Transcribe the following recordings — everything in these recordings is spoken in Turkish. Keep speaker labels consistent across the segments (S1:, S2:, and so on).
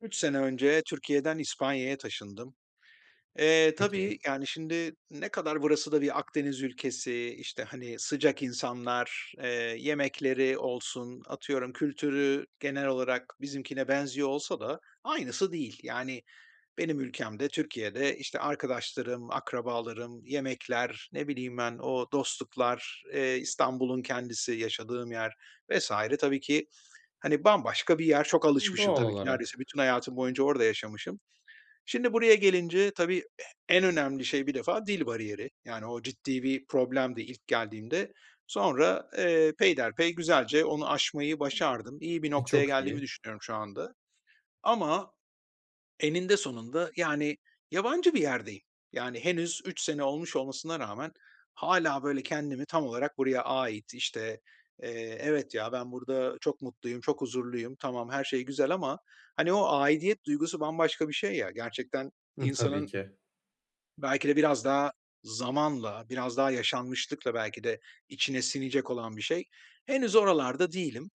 S1: 3 sene önce Türkiye'den İspanya'ya taşındım. Eee, tabii,
S2: Peki.
S1: yani, şimdi ne kadar burası da bir Akdeniz ülkesi, işte, hani, sıcak insanlar, eee, yemekleri olsun, atıyorum kültürü genel olarak bizimkine benziyor olsa da aynısı değil. Yani, benim ülkemde, Türkiye'de, işte, arkadaşlarım, akrabalarım, yemekler, ne bileyim ben o dostluklar, eee, İstanbul'un kendisi, yaşadığım yer vs. tabii ki, hani, bambaşka bir yer. Çok
S2: Hıı,
S1: alışmışım
S2: doğal
S1: tabii ki,
S2: olarak.
S1: neredeyse bütün hayatım boyunca orada yaşamışım. Şimdi buraya gelince tabii e en önemli şey bir defa dil bariyeri, yani, o ciddi bir problemdi ilk geldiğimde. Sonra, eee, peyderpey güzelce onu aşmayı başardım. İyi bir
S2: E,
S1: noktaya
S2: çok
S1: geldiğimi
S2: iyi.
S1: düşünüyorum şu anda ama eninde sonunda, yani, yabancı bir yerdeyim. Yani, henüz 3 sene olmuş olmasına rağmen hâlâ, böyle, kendimi tam olarak buraya ait, işte, eee, evet ya, ben burada çok mutluyum, çok huzurluyum, tamam, her şey güzel ama, hani, o aidiyet duygusu bambaşka bir şey ya gerçekten
S2: Hıh, tabii
S1: insanın
S2: ki.
S1: Belki de biraz daha zamanla biraz daha yaşanmışlıkla belki de içine sinecek olan bir şey. Henüz oralarda değilim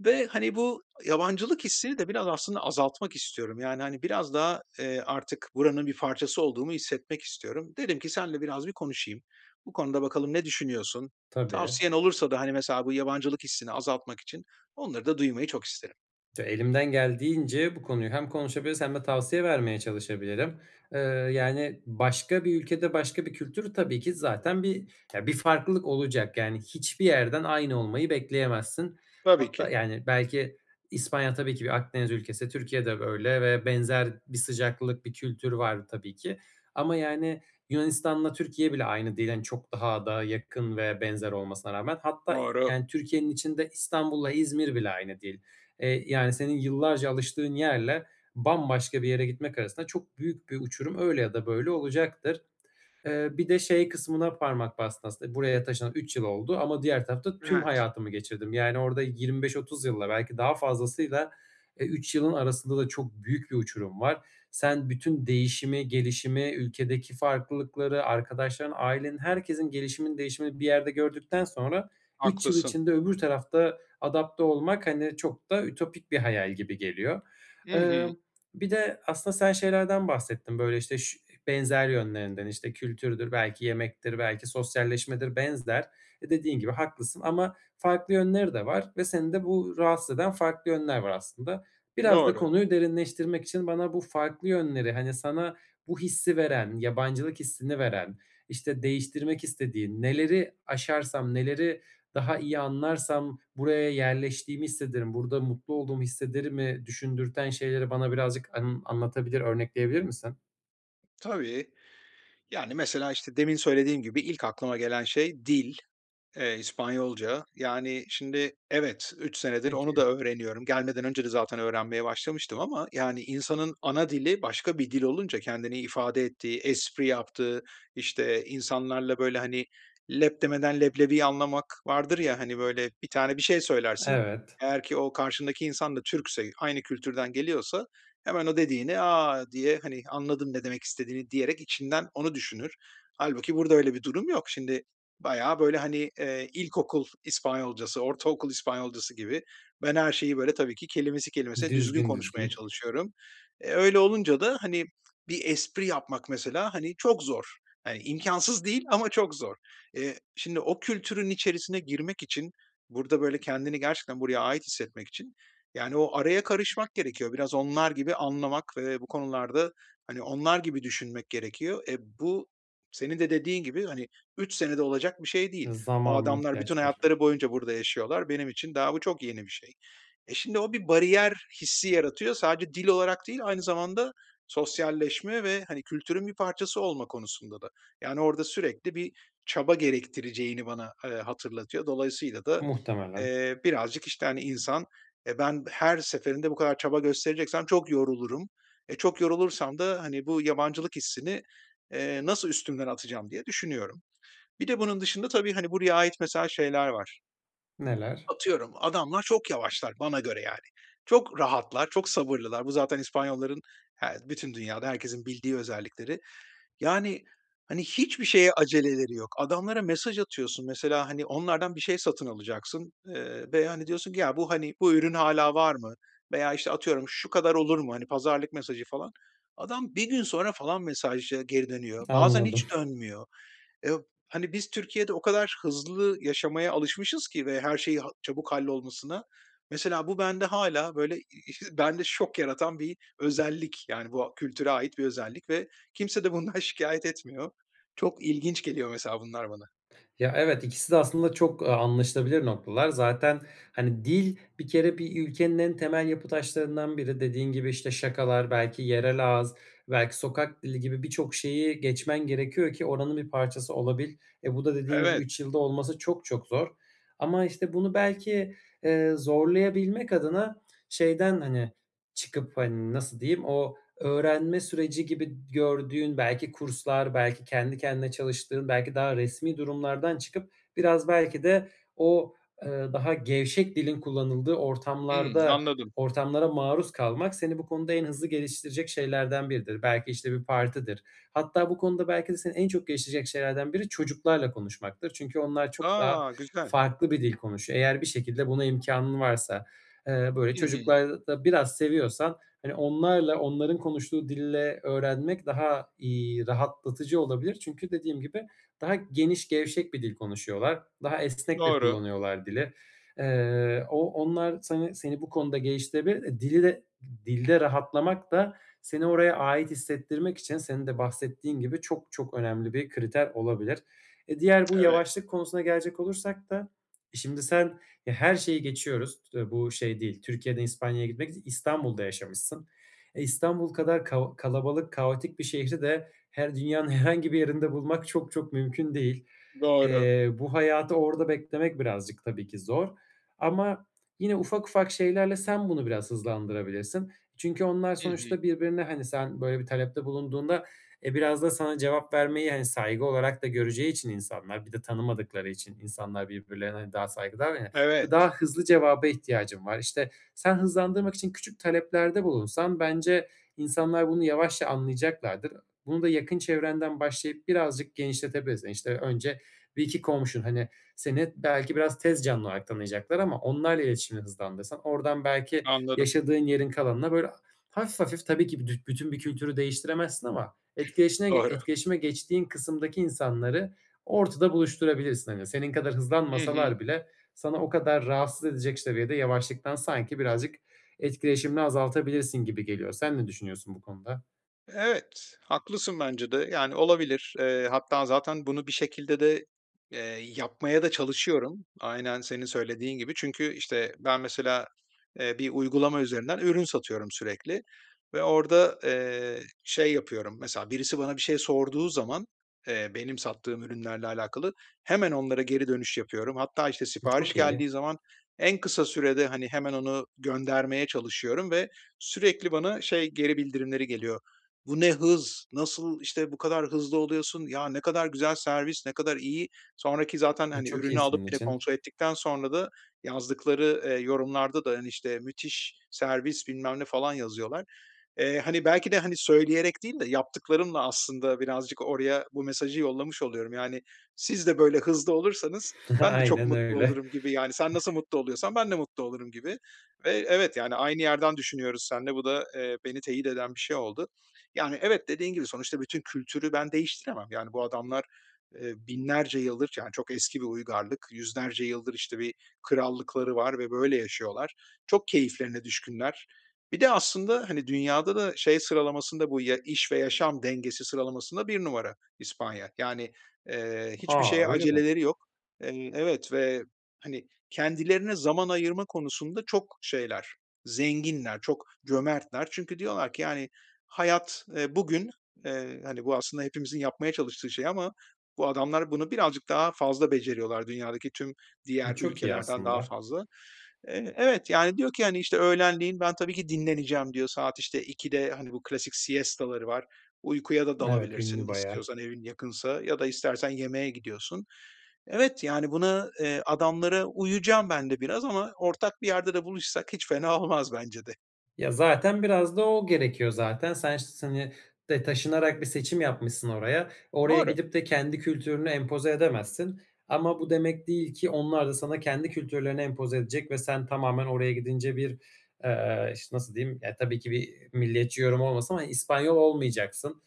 S1: ve hani bu yabancılık hissini de biraz aslında azaltmak istiyorum. Yani, hani, biraz daha, eee, artık buranın bir parçası olduğumu hissetmek istiyorum. Dedim ki seninle biraz bir konuşayım. Bu konuda bakalım ne düşünüyorsun?
S2: Tabii.
S1: Tavsiyen olursa da hani mesela bu yabancılık hissini azaltmak için onları da duymayı çok isterim.
S2: Elimden geldiğince bu konuyu hem konuşabiliriz hem de tavsiye vermeye çalışabilirim. Iıı, yani, başka bir ülkede başka bir kültür tabii ki zaten bir ya bir farklılık olacak. Yani, hiçbir yerden aynı olmayı bekleyemezsin.
S1: Tabii
S2: Hatta,
S1: ki.
S2: yani, belki İspanya tabii ki bir Akdeniz ülkesi, Türkiye de öyle ve benzer bir sıcaklık bir kültür var tabii ki ama, yani, Yunanistan'la Türkiye bile aynı değil, hani, çok daha da yakın ve benzer olmasına rağmen. Hatta i
S1: Doğru.
S2: yani, Türkiye'nin içinde İstanbul'la İzmir bile aynı değil. İii, yani, senin yıllarca alıştığın yerle bambaşka bir yere gitmek arasında çok büyük bir uçurum öyle ya da böyle olacaktır. Eee, bir de şey kısmına parmak bastın s aslında buraya taşınalı 3 yıl oldu ama diğer tarafta tüm
S1: Evet.
S2: hayatımı geçirdim. Yani, orada 25-30 yılla belki daha fazlasıyla, eee, 3 yılın arasında da çok büyük bir uçurum var. Sen bütün değişimi, gelişimi, ülkedeki farklılıkları, arkadaşların, ailenin herkesin gelişiminin değişimini bir yerde gördükten sonra 3 yıl
S1: Haklısın.
S2: içinde öbür tarafta adapte olmak, hani, çok da ütopik bir hayal gibi geliyor.
S1: Hı hı.
S2: Imm, bir de aslında sen şeylerden bahsettin, böyle, işte, şu e, benzer yönlerinden. İşte, kültürdür belki yemektir belki sosyalleşmedir benzer. E, dediğin gibi haklısın ama farklı yönleri de var ve seni de bu rahatsız eden farklı yönler var, aslında. Biraz da
S1: Doğru.
S2: konuyu derinleştirmek için bana bu farklı yönleri, hani, sana bu hissi veren, yabancılık hissini veren, işte, değiştirmek istediğin, "Neleri aşarsam neleri daha iyi anlarsam buraya yerleştiğimi hissederim, burada mutlu olduğumu hissederim?"i düşündürten şeyleri bana birazcık an anlatabilir, örnekleyebilir misin?
S1: Tabii. Yani, mesela, işte, demin söylediğim gibi ilk aklıma gelen şey dil, eee, İspanyolca. Yani, şimdi evet, 3 senedir onu da
S2: Peki.
S1: öğreniyorum. Gelmeden önce de zaten öğrenmeye başlamıştım ama, yani, insanın ana dili başka bir dil olunca kendini ifade ettiği, espri yaptığı, işte, insanlarla, böyle, hani, leb demeden leblebiyi anlamak vardır ya, hani, böyle. Bir tane bir şey söylersin
S2: Evet.
S1: eğer ki o karşındaki insan da Türkse, aynı kültürden geliyorsa hemen o dediğini, a, diye, hani, anladım ne demek istediğini, diyerek içinden onu düşünür. Hâlbuki burada öyle bir durum yok. Şimdi bayağı, böyle, hani, eee, ilkokul İspanyolcası, ortaokul İspanyolcası gibi ben her şeyi, böyle, tabii ki kelimesi kelimesine düzgün
S2: Düzgün,
S1: konuşmaya
S2: düzgün.
S1: çalışıyorum. Eee, öyle olunca da, hani, bir espri yapmak mesela, hani, çok zor, hani, imkânsız değil ama çok zor. Eee, şimdi o kültürün içerisine girmek için burada, böyle, kendini gerçekten buraya ait hissetmek için, yani, o araya karışmak gerekiyor, biraz onlar gibi anlamak ve bu konularda, hani, onlar gibi düşünmek gerekiyor. Eee, bu senin de dediğin gibi, hani, 3 senede olacak bir şey değil. O
S2: Zamana
S1: adamlar bütün
S2: ihtiyaç var.
S1: hayatları boyunca burada yaşıyorlar. Benim için daha bu çok yeni bir şey. E, şimdi o bir bariyer hissi yaratıyor, sadece dil olarak değil aynı zamanda sosyalleşme ve, hani, kültürün bir parçası olma konusunda da. Yani, orada sürekli bir çaba gerektireceğini bana, eee, hatırlatıyor, dolayısıyla da,
S2: Muhtemelen.
S1: eee, birazcık, işte, hani, insan, eee, ben her seferinde bu kadar çaba göstereceksem çok yorulurum, eee, çok yorulursam da, hani, bu yabancılık hissini, eee, nasıl üstümden atacağım diye düşünüyorum. Bir de bunun dışında tabii, hani, buraya ait mesela şeyler var.
S2: Neler?
S1: Atıyorum, adamlar çok yavaşlar bana göre, yani. Çok rahatlar, çok sabırlılar. Bu zaten İspanyolların, her bütün dünyada herkesin bildiği özellikleri. Yani, hani, hiçbir şeye aceleleri yok. Adamlara mesaj atıyorsun, mesela, hani, onlardan bir şey satın alacaksın, ııı, veya, hani, diyorsun ki, "Ya, bu, hani, bu ürün hâlâ var mı?" veya, işte, atıyorum, "Şu kadar olur mu?" hani, pazarlık mesajı falan. Adam 1 gün sonra, falan, mesaja geri dönüyor, bazen
S2: Anladım.
S1: hiç dönmüyor. Eee, b hani, biz Türkiye'de o kadar, hızlı yaşamaya alışmışız ki ve her şeyi, ha çabuk hallolmasına, mesela, bu bende hâlâ böyle ı bende şok yaratan bir özellik, yani, bu, a kültüre ait bir özellik ve kimse de bundan şikâyet etmiyor. Çok ilginç geliyor, mesela, bunlar bana.
S2: Ya, evet. 2'si de, aslında, çok, aaa, anlaşılabilir noktalar. Zaten, hani, dil, bir kere, bir ülkenin en temel yapı taşlarından biri dediğin gibi, işte, şakalar belki yerel ağız, belki sokak dili gibi birçok şeyi geçmen gerekiyor ki oranın bir parçası olabil. E, bu da, dediğin gibi,
S1: Evet.
S2: 3 yılda olması çok, çok zor ama, işte, bunu belki, eee, zorlayabilmek adına şeyden, hani, çıkıp, hani, nasıl diyeyim o öğrenme süreci gibi gördüğün belki kurslar, belki kendi kendine çalıştığın, belki daha resmî durumlardan çıkıp biraz belki de o, ııı, daha gevşek dilin kullanıldığı
S1: Hımm.
S2: ortamlarda
S1: Anladım.
S2: ortamlara maruz kalmak seni bu konuda en hızlı geliştirecek şeylerden biridir. Belki, işte, bir partidir. Hatta bu konuda belki de seni en çok geliştirecek şeylerden biri çocuklarla konuşmaktır. Çünkü onlar çok daha
S1: A! Güzel.
S2: farklı bir dil konuşuyor. Eğer bir şekilde buna imkânın varsa. Eee, böyle
S1: Hı hı.
S2: çocukları da biraz seviyorsan, hani, onlarla, onların konuştuğu dille öğrenmek daha, iii, rahatlatıcı olabilir. Çünkü dediğim gibi daha geniş gevşek bir dil konuşuyorlar. Daha esnek de
S1: Doğru.
S2: kullanıyorlar dili. Iıı, o onlar seni seni bu konuda geliştirebilir. Dili de dilde rahatlamak da seni oraya ait hissettirmek için senin de bahsettiğin gibi çok, çok önemli bir kriter olabilir. E, diğer bu
S1: Evet.
S2: yavaşlık konusuna gelecek olursak da şimdi sen, e her şeyi geçiyoruz s bu şey değil, Türkiye'den İspanya'ya gitmek İstanbul'da yaşamışsın. E, İstanbul kadar kao kalabalık kaotik bir şehri de her dünyanın herhangi bir yerinde bulmak çok, çok mümkün değil.
S1: Doğru.
S2: Eee, bu hayatı orada beklemek birazcık tabii ki zor ama yine ufak ufak şeylerle sen bunu biraz hızlandırabilirsin. Çünkü onlar
S1: Hı hı.
S2: sonuçta birbirine, hani, sen böyle bir talepte bulunduğunda, eee, biraz da sana cevap vermeyi, hani, saygı olarak da göreceği için insanlar. Bir de tanımadıkları için insanlar birbirlerine daha saygılılar ya.
S1: Evet.
S2: "Daha hızlı cevaba ihtiyacım var," işte, sen hızlandırmak için küçük taleplerde bulunsan bence insanlar bunu yavaşça anlayacaklardır. Bunu da yakın çevrenden başlayıp birazcık genişletebilirsin. İşte, önce 1-2 komşun, hani, seni belki biraz tez canlı olarak tanıyacaklar ama onlarla iletişimi hızlandırsan oradan belki
S1: Anladım.
S2: yaşadığın yerin kalanına böyle ha hafif hafif tabii ki büdü bütün bir kültürü değiştiremezsin ama etkileşine
S1: Doğru.
S2: etkileşime geçtiğin kısımdaki insanları ortada buluşturabilirsin. Hani, senin kadar
S1: Hı hı.
S2: hızlanmasalar bile sana o kadar rahatsız edecek ş seviyede yavaşlıktan sanki birazcık etkileşimini azaltabilirsin gibi geliyor. Sen ne düşünüyorsun bu konuda?
S1: Evet, haklısın bence de, yani, olabilir. Iıı, hatta zaten bunu bir şekilde de, eee, yapmaya da çalışıyorum. Aynen senin söylediğin gibi. Çünkü, işte, ben mesela, eee, bir uygulama üzerinden ürün satıyorum sürekli ve orada, eee, şey yapıyorum mesela, birisi bana bir şey sorduğu zaman, eee, benim sattığım ürünlerle alakalı hemen onlara geri dönüş yapıyorum hatta, işte,
S2: E,
S1: sipariş
S2: çok iyi.
S1: geldiği zaman en kısa sürede, hani, hemen onu göndermeye çalışıyorum ve sürekli bana şey geri bildirimleri geliyor: "Bu ne hız, nasıl, işte, bu kadar hızlı oluyorsun, ya ne kadar güzel servis, ne kadar iyi!" Sonraki zaten,
S2: E,
S1: hani,
S2: çok iyi
S1: ürünü alıp
S2: senin
S1: bir de
S2: için.
S1: kontrol ettikten sonra da yazdıkları, ııı, yorumlarda da, hani, işte, "Müthiş servis bilmem ne." falan yazıyorlar. Eee, hani, belki de, hani, söyleyerek değil de yaptıklarımla, aslında, birazcık oraya bu mesajı yollamış oluyorum. "Siz de böyle hızlı olursanız ben de çok
S2: Aynen
S1: mutlu
S2: öyle.
S1: olurum." gibi, yani, "Sen nasıl mutlu oluyorsan ben de mutlu olurum." gibi ve evet, yani, aynı yerden düşünüyoruz seninle, bu da, eee, beni teyit eden bir şey oldu. Yani, evet, dediğin gibi sonuçta bütün kültürü ben değiştiremem. Yani, bu adamlar, ııı, 1000'lerce yıldır, yani, çok eski bir uygarlık 100'lerce yıldır, işte, bir krallıkları var ve böyle yaşıyorlar. Çok keyiflerine düşkünler. Bir de, aslında, hani, dünyada da şey sıralamasında bu y iş ve yaşam dengesi sıralamasında 1 numara İspanya, yani, eee, hiçbir
S2: A!
S1: şeye
S2: Öyle mi?
S1: aceleleri yok. Eee, evet ve, hani, kendilerine zaman ayırma konusunda çok şeyler zenginler, çok cömertler çünkü diyorlar ki, yani, hayat, ııı, bugün, eee, hani, bu, aslında, hepimizin yapmaya çalıştığı şey ama bu adamlar bunu birazcık daha fazla beceriyorlar, dünyadaki tüm
S2: Bu
S1: diğer
S2: çok iyi
S1: ülkelerden daha
S2: aslında.
S1: fazla. Eee, evet, yani, diyor ki, hani, işte, "Öğlenleyin ben tabii ki dinleneceğim." diyor, saat, işte, 14.00'te hani bu klasik siesta 'ları var, uykuya da
S2: Evet,
S1: dalabilirsin
S2: ünlü bayağı.
S1: istiyorsan evin yakınsa ya da istersen yemeğe gidiyorsun. Evet, yani, buna, ııı, adamlara uyuyacağım ben de biraz ama ortak bir yerde de buluşsak hiç fena olmaz bence de.
S2: Ya zaten biraz da o gerekiyor zaten. Sen ş s hani, de taşınarak bir seçim yapmışsın oraya. Oraya
S1: Doğru.
S2: gidip de kendi kültürünü empoze edemezsin ama bu demek değil ki onlar da sana kendi kültürlerini empoze edecek ve sen tamamen oraya gidince bir, eee, işte, nasıl diyeyim, ya, tabii ki bir milliyetçi yorum olmasın ama İspanyol olmayacaksın.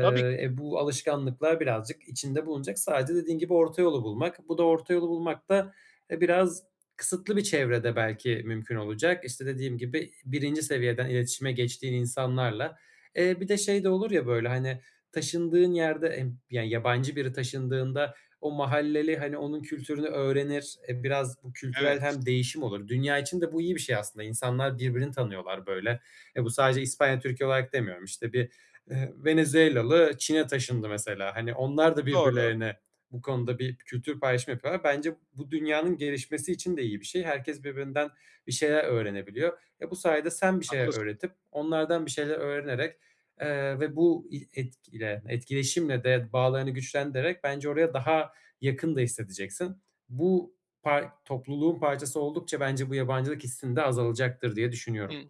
S1: Tabii ki.
S2: e, bu alışkanlıklar birazcık içinde bulunacak. Sadece dediğin gibi orta yolu bulmak. Bu da orta yolu bulmak da, e, biraz kısıtlı bir çevrede belki mümkün olacak. İşte, dediğim gibi 1'inci seviyeden iletişime geçtiğin insanlarla. Eee, bir de şey de olur ya böyle, hani, taşındığın yerde emm, yani, yabancı biri taşındığında o mahalleli, hani, onun kültürünü öğrenir, eee, biraz bu kültürel
S1: Evet.
S2: hem değişim olur. Dünya için de bu iyi bir şey, aslında. İnsanlar birbirini tanıyorlar böyle. E, bu sadece İspanya-Türkiye olarak demiyorum. İşte, bir, ııı, Venezuelalı Çin'e taşındı mesela. Hani, onlar da
S1: Doğru.
S2: birbirlerine bu konuda bir kültür paylaşımı yapıyorlar. Bence bu dünyanın gelişmesi için de iyi bir şey. Herkes birbirinden bir şeyler öğrenebiliyor. E, bu sayede sen bir şeyler
S1: Haklısın.
S2: öğretip onlardan bir şeyler öğrenerek, eee, ve bu i etkile etkileşimle de bağlarını güçlendirerek bence oraya daha yakın da hissedeceksin. Bu pay topluluğun parçası oldukça bence bu yabancılık hissin de azalacaktır diye düşünüyorum.
S1: Hıı.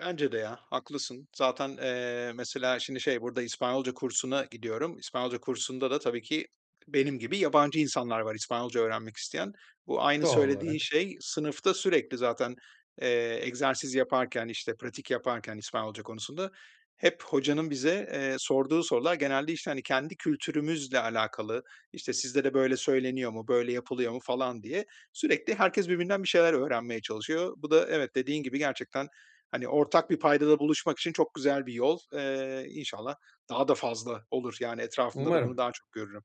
S1: Bence de ya. Haklısın zaten, eee, mesela şimdi şey burada İspanyolca kursuna gidiyorum. İspanyolca kursunda da tabii ki benim gibi yabancı insanlar var İspanyolca öğrenmek isteyen. Bu aynı
S2: Doğal
S1: söylediğin
S2: olarak.
S1: şey sınıfta sürekli zaten, eee, egzersiz yaparken, işte, pratik yaparken İspanyolca konusunda hep hocanın bize, eee, sorduğu sorular genelde, işte, hani, kendi kültürümüzle alakalı, işte, "Sizde de böyle söyleniyor mu, böyle yapılıyor mu?" falan diye sürekli herkes birbirinden bir şeyler öğrenmeye çalışıyor. Bu da evet dediğin gibi gerçekten, hani, ortak bir paydada buluşmak için çok güzel bir yol. Eee, inşallah daha da fazla olur. Yani, etrafımda da bunu
S2: Umarım.
S1: daha çok görürüm.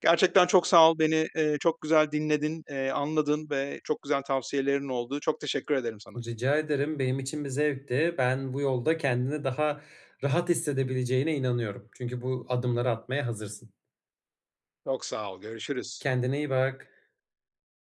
S1: Gerçekten çok sağ ol, beni, eee, çok güzel dinledin, eee, anladın ve çok güzel tavsiyelerin oldu. Çok teşekkür ederim sana.
S2: Rica ederim benim için bir zevkti. Ben bu yolda kendini daha rahat hissedebileceğine inanıyorum. Çünkü bu adımları atmaya hazırsın.
S1: Çok sağ ol, görüşürüz.
S2: Kendine iyi bak.